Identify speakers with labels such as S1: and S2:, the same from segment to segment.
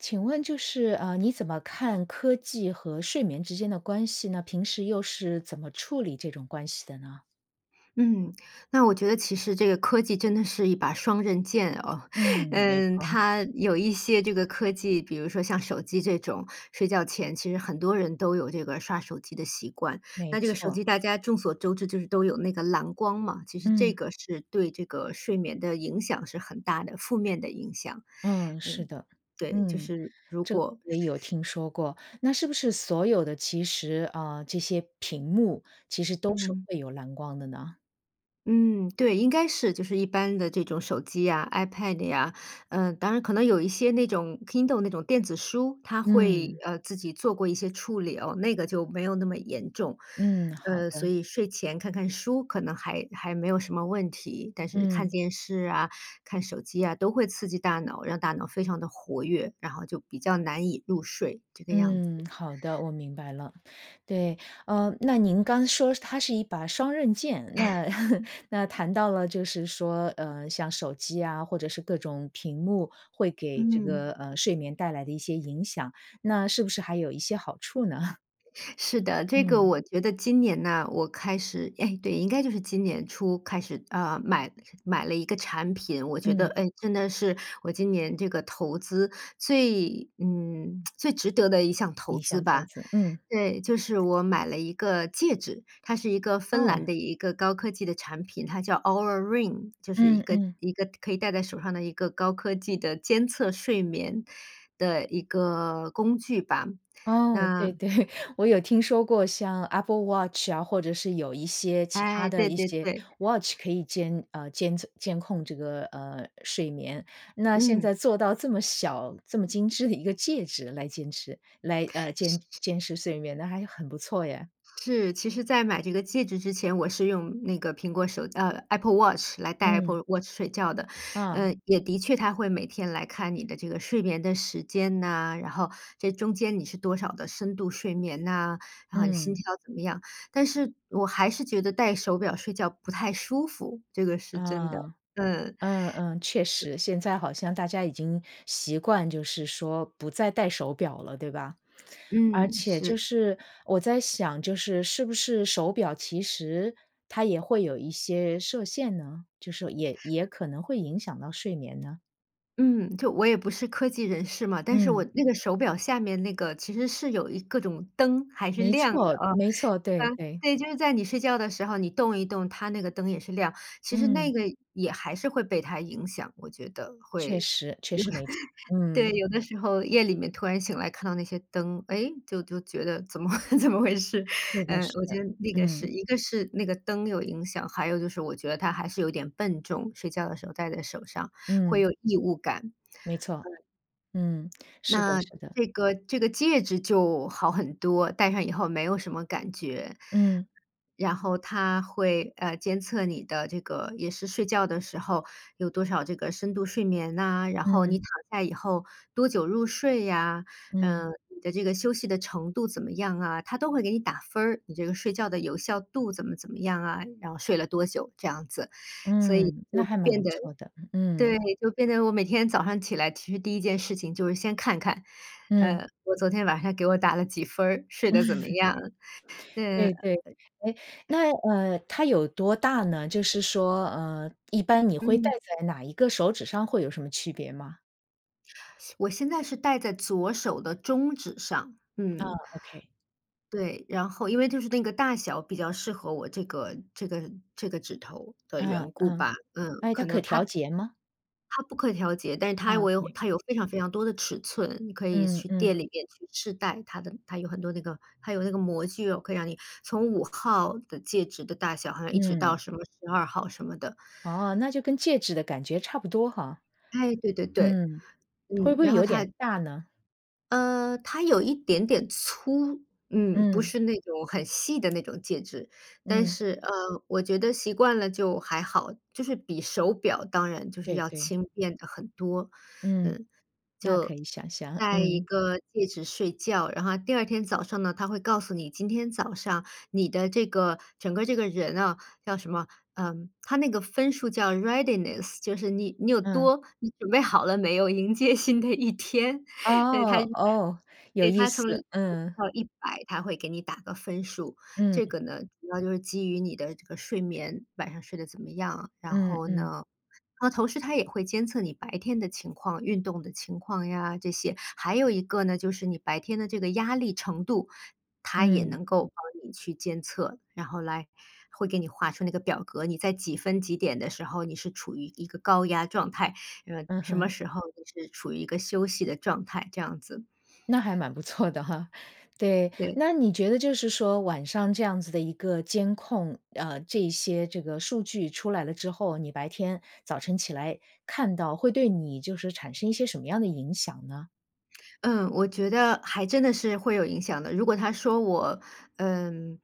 S1: 请问就是，呃，你怎么看科技和睡眠之间的关系呢？平时又是怎么处理这种关系的呢？
S2: 嗯，那我觉得其实这个科技真的是一把双刃剑哦。
S1: 嗯，没
S2: 嗯，
S1: 错。
S2: 它有一些这个科技，比如说像手机这种，睡觉前，其实很多人都有这个刷手机的习惯。
S1: 没
S2: 那这个手机
S1: 错。
S2: 大家众所周知就是都有那个蓝光嘛，其实这
S1: 嗯。
S2: 个是对这个睡眠的影响是很大的。负面的影响，
S1: 嗯，是
S2: 嗯，
S1: 的。
S2: 对，就
S1: 嗯，
S2: 是如
S1: 这个
S2: 果是
S1: 也有
S2: 是
S1: 听说过。那是不是所有的其实，呃，这些屏幕其实都是
S2: 嗯。
S1: 会有蓝光的呢？
S2: 嗯，对，应该是，就是一般的这种手机呀，iPad 呀，嗯，当然可能有一些那种 Kindle 那种电子书，它会，
S1: 嗯。
S2: 呃，自己做过一些处理哦，那个就没有那么严重。
S1: 嗯，好
S2: 呃，所
S1: 的。
S2: 以睡前看看书可能还还没有什么问题。但是看
S1: 嗯。
S2: 电视啊，看手机啊，都会刺激大脑，让大脑非常地活跃，然后就比较难以入睡，这个样子。
S1: 嗯，好的，我明白了。对，呃，那您刚说它是一把双刃剑，那 那 谈到了就是说，呃，像手机啊，或者是各种屏幕会给这个，
S2: 嗯。
S1: 呃，睡眠带来的一些影响，那是不是还有一些好处呢？
S2: 是的，这个
S1: 嗯。
S2: 我觉得今年呢，我开始诶，对，应该就是今年初开始，呃，买买了一个产品。我觉得，
S1: 嗯。
S2: 诶，真的是我今年这个投资最嗯，最值得的一项投
S1: 一
S2: 资
S1: 项投
S2: 吧。
S1: 资，嗯。
S2: 对，就是我买了一个戒指，它是一个芬
S1: 哦。
S2: 兰的一个高科技的产品，它叫 Oura Ring，就是一
S1: 嗯，
S2: 个
S1: 嗯。
S2: 一个可以戴在手上的一个高科技的监测睡眠的一个工具吧。
S1: 哦，对，
S2: 那
S1: 对，我有听说过像 Apple Watch 啊，或者是有一些其它
S2: 哎，
S1: 的
S2: 对，
S1: 一
S2: 对，
S1: 些
S2: 对。
S1: watch 可以监呃监测监控这个，呃，睡眠，那现
S2: 嗯。
S1: 在做到这么小、这么精致的一个戒指来坚持来，呃，
S2: 是，
S1: 监
S2: 是。
S1: 监视睡眠，那还是很不错耶。
S2: 是，其实在买这个戒指之前，我是用那个苹果手呃，Apple Watch，来戴
S1: 嗯。
S2: Apple Watch 睡觉的，
S1: 啊。
S2: 呃，也的确它会每天来看你的这个睡眠的时间呐，然后这中间你是多少的深度睡眠呐，然后你心
S1: 嗯。
S2: 跳怎么样，但是我还是觉得戴手表睡觉不太舒服，这个是真的，
S1: 啊。
S2: 嗯。
S1: 嗯，嗯，确
S2: 是。
S1: 实，现在好像大家已经习惯就是说不再戴手表了，对吧？而
S2: 嗯，
S1: 且就
S2: 是。
S1: 是，我在想，就是是不是手表其实它也会有一些设限呢，就是也也可能会影响到睡眠呢？
S2: 嗯，就我也不是科技人士嘛，但是我
S1: 嗯。
S2: 那个手表下面那个其实是有一各种灯，还是
S1: 没
S2: 亮的，
S1: 错，
S2: 啊，
S1: 没错，对，
S2: 呃，
S1: 对。
S2: 对，就是在你睡觉的时候你动一动它那个灯也是亮，其实那
S1: 嗯。
S2: 个也还是会被它影响，我觉得
S1: 确
S2: 会。
S1: 实，确实没错，嗯。
S2: 对，有的时候夜里面突然醒来看到那些灯，诶，就就觉得怎么怎么回事，
S1: 是的，
S2: 呃，我
S1: 是的，
S2: 觉得那个是
S1: 嗯。
S2: 一个是那个灯有影响，还有就是我觉得它还是有一点笨重，睡觉的时候戴在手上，会
S1: 嗯。
S2: 有异物感。
S1: 没错，
S2: 嗯。
S1: 嗯，是的，
S2: 那
S1: 是的。
S2: 这个，这个戒指就好很多，戴上以后没有什么感觉。
S1: 嗯。
S2: 然后它会，呃，监测你的这个也是睡觉的时候有多少这个深度睡眠呐，然后
S1: 嗯。
S2: 你躺下以后多久入睡呀，
S1: 嗯。
S2: 嗯，你的这个休息的程度怎么样啊，它都会给你打分儿。你这个睡觉的有效度怎么怎么样啊，然后睡了多久这样子，所以
S1: 嗯，那
S2: 就
S1: 还蛮
S2: 变
S1: 不
S2: 得
S1: 错的，嗯。
S2: 对，就变得我每天早上起来，其实第1件事情就是先看看，
S1: 嗯。
S2: 呃，我昨天晚上给我打了几分儿，睡得怎么 样，嗯。
S1: 对，对。
S2: 呃
S1: 哎，那，呃，它有多大呢，就是说，呃，一般你会戴
S2: 嗯。
S1: 在哪一个手指上，会有什么区别吗？
S2: 我现在是戴在左手的中指上，
S1: 嗯
S2: 嗯。
S1: ，OK。
S2: 对，然后因为就是那个大小比较适合我这个，这个，这个指头的
S1: 嗯，
S2: 缘故
S1: 嗯，
S2: 吧，嗯，
S1: 哎，它
S2: 可能
S1: 可调
S2: 它
S1: 节吗？
S2: 它不可以调节，但是它
S1: 嗯，
S2: 围
S1: 对。
S2: 它有非常非常多的尺寸，你可以
S1: 嗯，
S2: 去
S1: 嗯。
S2: 店里面去试戴它的它有很多那个它有那个模具，可以让你从5号的戒指的大小，好像一直
S1: 嗯。
S2: 到什么12号什么的。
S1: 哦，那就跟戒指的感觉差不多哈，
S2: 哎，对对对。
S1: 嗯，会不
S2: 嗯，
S1: 会
S2: 然后
S1: 有
S2: 它
S1: 点大呢？
S2: 呃，它有一点点粗，嗯，不
S1: 嗯。
S2: 是那种很细的那种戒指，但
S1: 嗯。
S2: 是，呃，我觉得习惯了就还好，就是比手表当然就是
S1: 对，
S2: 要
S1: 对。
S2: 轻便得很多。
S1: 嗯，
S2: 嗯，
S1: 那可
S2: 就
S1: 以想象，
S2: 带一
S1: 嗯。
S2: 个戒指睡觉，然后第2天早上呢，它会告诉你今天早上你的这个，整个这个人哦，叫什么，嗯，它那个分数叫 readiness，就是你你有
S1: 嗯。
S2: 多你准备好了没有，迎接新的一天。嗯，它
S1: 哦，哦，有
S2: 对，
S1: 意
S2: 它
S1: 思，
S2: 从0
S1: 嗯。
S2: 到100，它会给你打个分数，这
S1: 嗯。
S2: 个呢，主要就是基于你的这个睡眠，晚上睡得怎么样。然
S1: 嗯，
S2: 后
S1: 嗯。
S2: 呢，嗯，它同时它也会监测你白天的情况，运动的情况呀这些，还有一个呢，就是你白天的这个压力程度，它也
S1: 嗯。
S2: 能够帮你去监测，然后来会给你画出那个表格，你在几分几点的时候，你是处于一个高压状态，嗯，
S1: 嗯
S2: 什么
S1: 哼。
S2: 时候你是处于一个休息的状态，这样子。
S1: 那还蛮不错的哈，对，
S2: 对。
S1: 那你觉得就是说晚上这样子的一个监控，呃，这一些这个数据出来了之后，你白天早晨起来看到，会对你就是产生一些什么样的影响呢？
S2: 嗯，我觉得还真的是会有影响的。如果它说我，嗯，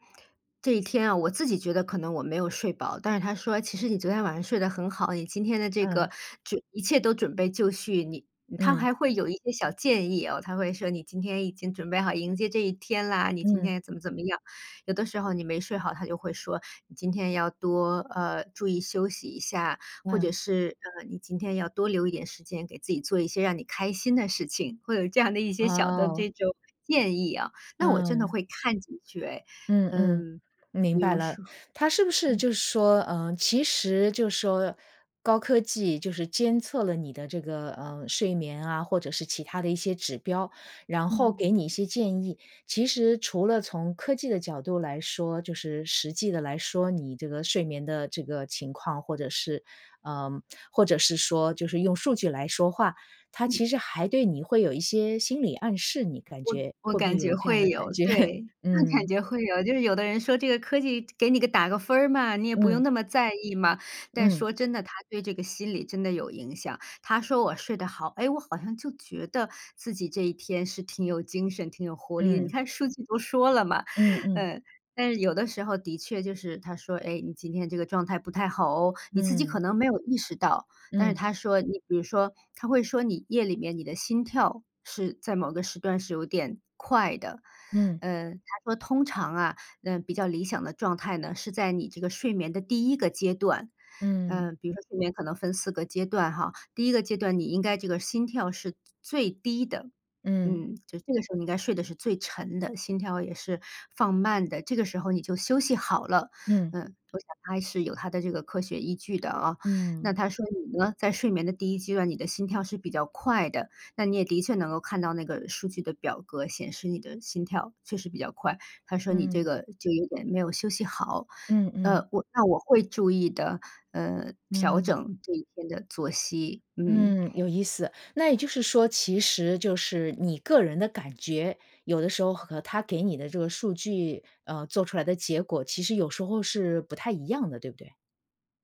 S2: 这一天啊，我自己觉得可能我没有睡饱，但是它说其实你昨天晚上睡得很好，你今天的这
S1: 嗯。
S2: 个这一切都准备就绪，你嗯它
S1: 嗯。
S2: 还会有一些小建议哦，它会说你今天已经准备好迎接这一天啦，你今
S1: 嗯。
S2: 天怎么怎么样。有的时候你没睡好，它就会说你今天要多呃，注意休息一下，或者
S1: 嗯。
S2: 是，呃，你今天要多留一点时间给自己做一些让你开心的事情，会有这样的一些小的
S1: 哦。
S2: 这种建议啊，那我真的
S1: 嗯。
S2: 会看几句哎。
S1: 嗯，嗯，
S2: 嗯，
S1: 明
S2: 比
S1: 白
S2: 如
S1: 了。
S2: 说
S1: 它是不是
S2: 嗯。
S1: 就是说，呃，其实就是说高科技就是监测了你的这个，呃，睡眠啊，或者是其它的一些指标，然后
S2: 嗯。
S1: 给你一些建议。其实除了从科技的角度来说就是实际地来说，你这个睡眠的这个情况，或者是呃，或者是说就是用数据来说话，它
S2: 嗯。
S1: 其实还对你会有一些心理暗示，你感
S2: 我
S1: 觉
S2: 我
S1: 会不会
S2: 感
S1: 有
S2: 觉
S1: 这样的
S2: 会
S1: 感
S2: 有，
S1: 觉？
S2: 对，我感
S1: 嗯。
S2: 觉会有。就是有的人说这个科技给你个打个分儿嘛，你也不
S1: 嗯。
S2: 用那么在意嘛，但
S1: 嗯。
S2: 说真的，它对这个心理真的有影响，它说我睡得好，诶？我好像就觉得自己这一天是挺有精神，挺有活力，你
S1: 嗯。
S2: 看数据都说了嘛。
S1: 嗯，嗯。
S2: 呃，但是有的时候的确就是它说：“哎，你今天这个状态不太好哦。”你自己
S1: 嗯。
S2: 可能没有意识到，但是
S1: 嗯。
S2: 它说你比如说，它会说你夜里面你的心跳是在某个时段是有点快的。
S1: 嗯。
S2: 呃，它说：“通常啊，呃，比较理想的状态呢，是在你这个睡眠的第1个阶段“，
S1: 嗯。
S2: 呃，比如说睡眠可能分4个阶段哈，第1个阶段你应该这个心跳是最最低的。
S1: 嗯。
S2: 嗯，就这个时候应该睡的是最沉的，心跳也是放慢的，这个时候你就休息好了，
S1: 嗯。
S2: 嗯，我想它还是有它的这个科学依据的哦。
S1: 嗯。
S2: 那它说你呢，在睡眠的第1阶段，你的心跳是比较快的，那你也的确能够看到那个数据的表格，显示你的心跳确实比较快，它说你这
S1: 嗯。
S2: 个就有点没有休息好。
S1: 嗯，嗯。
S2: 呃，我那我会注意的，呃，调
S1: 嗯。
S2: 整这一天的作息，嗯。
S1: 嗯，有意思。那也就是说其实就是你个人的感觉，有的时候和它给你的这个数据，呃，做出来的结果，其实有时候是不太一样的，对不对？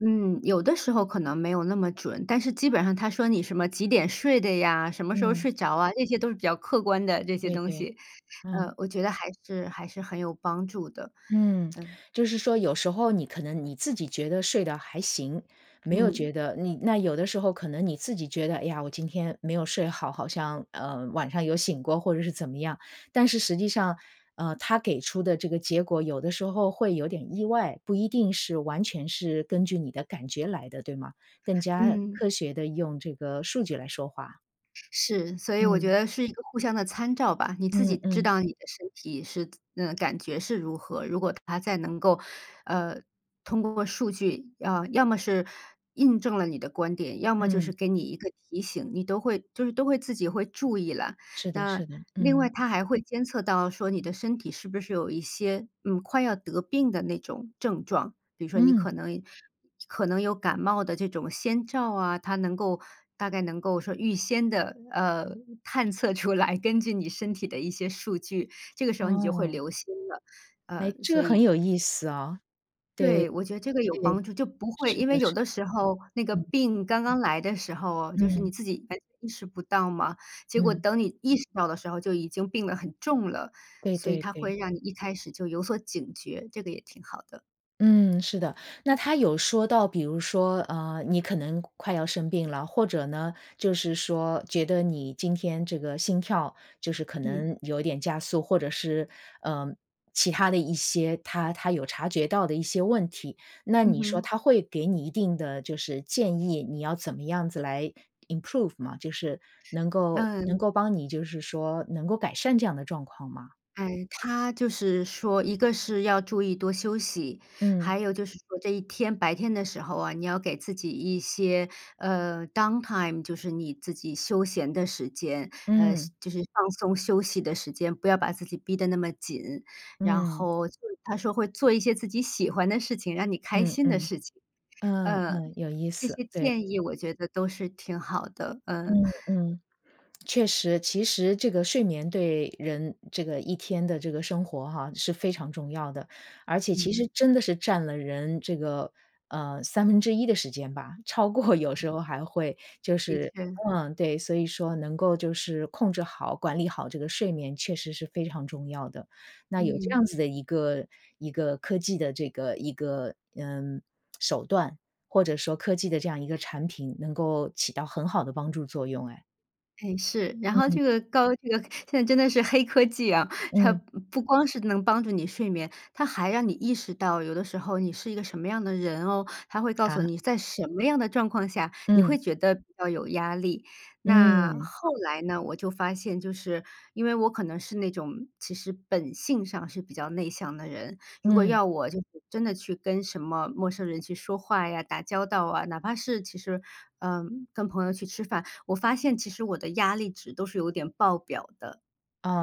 S2: 嗯，有的时候可能没有那么准，但是基本上它说你什么几点睡的呀，什么时候
S1: 嗯。
S2: 睡着啊，这些都是比较客观的这些
S1: 对，
S2: 东
S1: 对，
S2: 西，
S1: 嗯。
S2: 呃，我觉得还是，还是很有帮助的，
S1: 嗯，
S2: 嗯。
S1: 就是说有时候你可能你自己觉得睡得还行，没有觉
S2: 嗯。
S1: 得你那有的时候可能你自己觉得，哎呀，我今天没有睡好，好像，呃，晚上有醒过或者是怎么样。但是实际上，呃，它给出的这个结果有的时候会有点意外，不一定是完全是根据你的感觉来的，对吗？更加
S2: 嗯。
S1: 科学地用这个数据来说话。
S2: 是，所以我觉
S1: 嗯。
S2: 得是一个互相的参照吧，你自己
S1: 嗯
S2: 知
S1: 嗯。
S2: 道你的身体是，嗯，感觉是如何，如果它再能够，呃，通过数据，啊，要么是印证了你的观点，要么就是
S1: 嗯。
S2: 给你一个提醒，你都会就是都会自己会注意了。
S1: 是的
S2: 那
S1: 是的。
S2: 另外
S1: 嗯。
S2: 它还会监测到说你的身体是不是有一些，嗯，快要得病的那种症状，比如说你
S1: 嗯。
S2: 可能，可能有感冒的这种先兆啊，它能够大概能够说预先地，呃，探测出来，根据你身体的一些数据，这个时候你就会
S1: 哦。
S2: 留心了，
S1: 哎，
S2: 呃，
S1: 这
S2: 所
S1: 个很
S2: 以
S1: 有意思哦，对，
S2: 对，我觉得这个有
S1: 对，
S2: 帮助，就不会
S1: 是
S2: 因为
S1: 的，
S2: 有
S1: 是
S2: 的时候，那个
S1: 的。嗯。
S2: 病刚刚来的时候，就是你
S1: 嗯。
S2: 自己，哎，意识不到嘛，结果
S1: 嗯。
S2: 等你意识到的时候就已经病得很重了，
S1: 对
S2: 所以
S1: 对
S2: 它
S1: 对。
S2: 会让你一开始就有所警觉，这个也挺好的。
S1: 嗯，是的，那它有说到比如说，呃，你可能快要生病了，或者呢，就是说觉得你今天这个心跳，就是可
S2: 嗯。
S1: 能有一点加速，或者是，嗯，其它的一些它它有察觉到的一些问题，那
S2: 嗯
S1: 你说
S2: 哼。
S1: 它会给你一定的就是建议，你要怎么样子来 improve 吗？就是能够能
S2: 嗯。
S1: 够帮你就是说，能够改善这样的状况吗？
S2: 哎，它就是说一个是要注意多休息，
S1: 嗯。
S2: 还有就是说这一天白天的时候啊，你要给自己一些，呃，downtime，就是你自己休闲的时间，呃，是
S1: 嗯。
S2: 就是放松休息的时间，不要把自己逼得那么紧，然
S1: 嗯。
S2: 后就是它说会做一些自己喜欢的事情，让你开
S1: 嗯
S2: 心的
S1: 嗯。
S2: 事情，
S1: 嗯，
S2: 呃，
S1: 嗯，有意
S2: 这
S1: 思，
S2: 些
S1: 对。
S2: 建议我觉得都是挺好的，嗯。
S1: 嗯，嗯，确实，其实这个睡眠对人这个，一天的这个生活哈，是非常重要的，而且其实
S2: 嗯。
S1: 真的是占了人这个，呃，1/3的时间吧，超过有时候还会就
S2: 的
S1: 是
S2: 确。
S1: 嗯，对，所以说能够就是控制好、管理好这个睡眠确实是非常重要的。那有这
S2: 嗯。
S1: 样子的一个，一个科技的这个一个，嗯，手段，或者说科技的这样一个产品能够起到很好的帮助作用诶。
S2: 哎，是，然后这
S1: 嗯。
S2: 个高这个现在真的是黑科技啊，它
S1: 嗯。
S2: 不光是能帮助你睡眠，它还让你意识到有的时候你是一个什么样的人哦，它会告诉
S1: 啊？
S2: 你，在什么样的状况下，你
S1: 嗯。
S2: 会觉得比较有压力。那
S1: 嗯。
S2: 后来呢，我就发现就是因为我可能是那种，其实本性上是比较内向的人，如果
S1: 嗯。
S2: 要我就是真的去跟什么陌生人去说话呀，打交道啊，哪怕是其实，呃，跟朋友去吃饭，我发现其实我的压力值都是有点爆表的，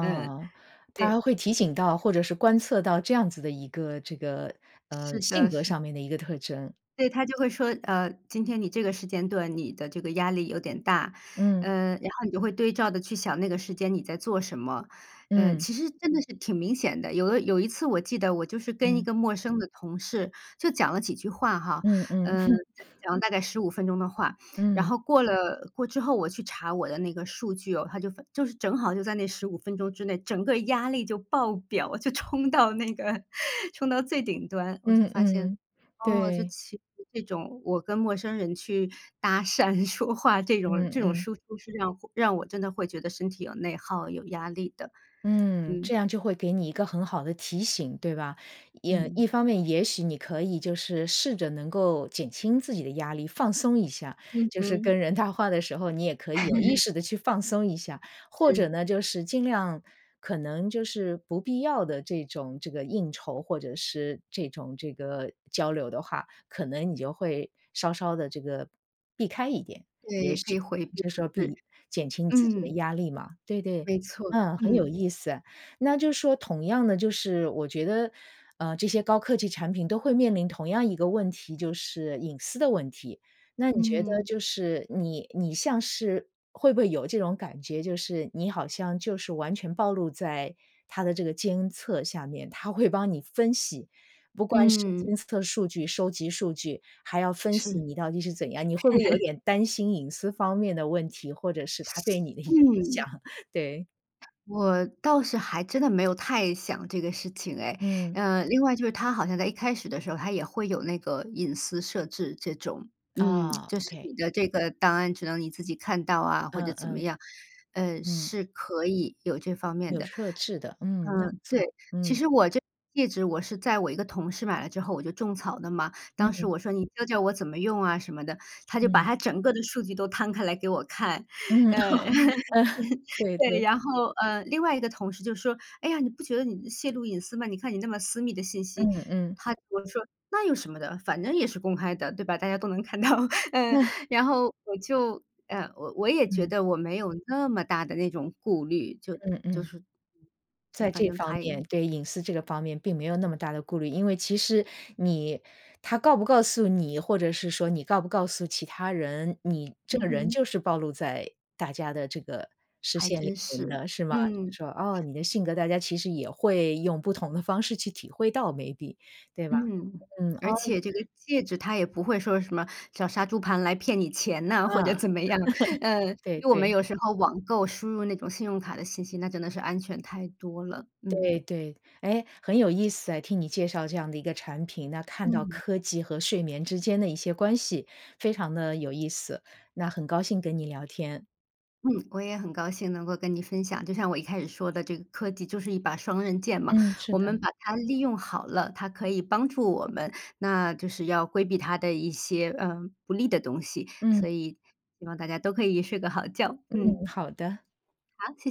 S2: 嗯，
S1: 它
S2: 对。
S1: 还会提醒到或者是观测到这样子的一个，这个，呃，
S2: 是
S1: 性
S2: 的，
S1: 格
S2: 是。
S1: 上面的一个特征。
S2: 对，它就会说，呃，今天你这个时间段你的这个压力有点大，
S1: 嗯。
S2: 呃，然后你就会对照的去想那个时间你在做什么？嗯，
S1: 嗯。
S2: 其实真的是挺明显的，有的有一次我记得我就是跟一
S1: 嗯。
S2: 个陌生的同事，就讲了几句话哈，
S1: 嗯嗯。
S2: 嗯，讲讲了大概15分钟的话，然
S1: 嗯。
S2: 后过了过之后，我去查我的那个数据哦，它就就是正好就在那15分钟之内，整个压力就爆表，就冲到那个，冲到最顶端。我就
S1: 嗯
S2: 发现，
S1: 嗯，
S2: 哦，就
S1: 对。
S2: 其实这种，我跟陌生人去搭讪、说话这种
S1: 嗯
S2: 这种
S1: 嗯。
S2: 输出是让让我真的会觉得身体有内耗，有压力的。
S1: 嗯，
S2: 嗯。
S1: 这样就会给你一个很好的提醒，对吧，也
S2: 嗯。
S1: 一方面也许你可以就是试着能够减轻自己的压力，放松一下，
S2: 嗯
S1: 就是
S2: 哼。
S1: 跟人谈话的时候你也可以有意 识地去放松一下，或者
S2: 是。
S1: 呢，就是尽量可能就是不必要的这种，这个应酬或者是这种，这个交流的话，可能你就会稍稍地这个避开一点，
S2: 对，
S1: 也
S2: 也
S1: 许
S2: 可以回避，
S1: 这时候
S2: 是，
S1: 避减轻你自己的
S2: 嗯。
S1: 压力嘛。对对，
S2: 没错，
S1: 嗯，很有
S2: 嗯。
S1: 意思，那就说同样的就是我觉得，呃，这些高科技产品都会面临同样一个问题，就是隐私的问题。那你觉得
S2: 嗯。
S1: 就是你你像是会不会有这种感觉，就是你好像就是完全暴露在它的这个监测下面，它会帮你分析，不光是
S2: 嗯。
S1: 监测数据、收集数据，还要分析
S2: 是。
S1: 你到底是怎样，你会不会有 点担心隐私方面的问题，或者是它对你的影响？
S2: 嗯。
S1: 对。
S2: 我倒是还真的没有太想这个事情诶，
S1: 嗯。
S2: 呃，另外就是它好像在一开始的时候，它也会有那个隐私设置这种，嗯，
S1: 啊
S2: 就是
S1: ，OK。
S2: 你的这个档案，只能你自己看到啊，或
S1: 嗯
S2: 者怎么
S1: 嗯。
S2: 样，呃，
S1: 嗯。
S2: 是可以有这方面
S1: 有
S2: 的。
S1: 设置的，嗯，那不
S2: 嗯，对，
S1: 错，
S2: 其
S1: 嗯。
S2: 实我这个戒指我是在我一个同事买了之后我就种草了嘛，当时
S1: 嗯。
S2: 我说：“你教教我怎么用啊？”什么的，他就把
S1: 嗯。
S2: 他整个的数据都摊开来给我看。
S1: 嗯，
S2: 嗯，
S1: 嗯，对
S2: 对，
S1: 对。
S2: 然后，呃，另外一个同事就说：“哎呀，你不觉得你泄露隐私吗？你看你那么私密的信息。”
S1: 嗯嗯。
S2: 他和我说：“那有什么的，反正也是公开的，对吧，大家都能看到。” 嗯，然后我就呃，我我也觉
S1: 嗯。
S2: 得我没有那么大的那种顾虑，就
S1: 嗯
S2: 就
S1: 嗯。
S2: 是就
S1: 在
S2: 反
S1: 这
S2: 正
S1: 方
S2: 它
S1: 面
S2: 也
S1: 对隐私这个方面并没有那么大的顾虑，因为其实你他告不告诉你，或者是说你告不告诉其他人，你这
S2: 嗯
S1: 个人
S2: 哼。
S1: 就是暴露在大家的这个视
S2: 还
S1: 线里
S2: 真
S1: 面
S2: 是，
S1: 的，是吗？
S2: 嗯。
S1: 就说哦，你性格大家其实也会用不同的方式去体会到，maybe，对吧。
S2: 嗯，
S1: 嗯。哦。
S2: 而且这个戒指它也不会说什么，像杀猪盘来骗你钱
S1: 嗯，
S2: 呐，或者 怎么样，呃，
S1: 对，
S2: 因为我们
S1: 对。
S2: 有时候网购输入那种信用卡的信息，那真的是安全太多了，嗯。
S1: 对，对，哎，很有意思诶，听你介绍这样的一个产品，那看到
S2: 嗯。
S1: 科技和睡眠之间的一些关系，非常地有意思，那很高兴跟你聊天。
S2: 嗯，我也很高兴能够跟你分享，就像我一开始说的这个科技就是一把双刃剑嘛。
S1: 嗯，是
S2: 我
S1: 的。
S2: 们把它利用好了，它可以帮助我们，那就是要规避它的一些，呃，不利的东西，
S1: 嗯。
S2: 所以希望大家都可以睡个好觉，
S1: 嗯，
S2: 嗯。
S1: 好的。
S2: 好，谢谢。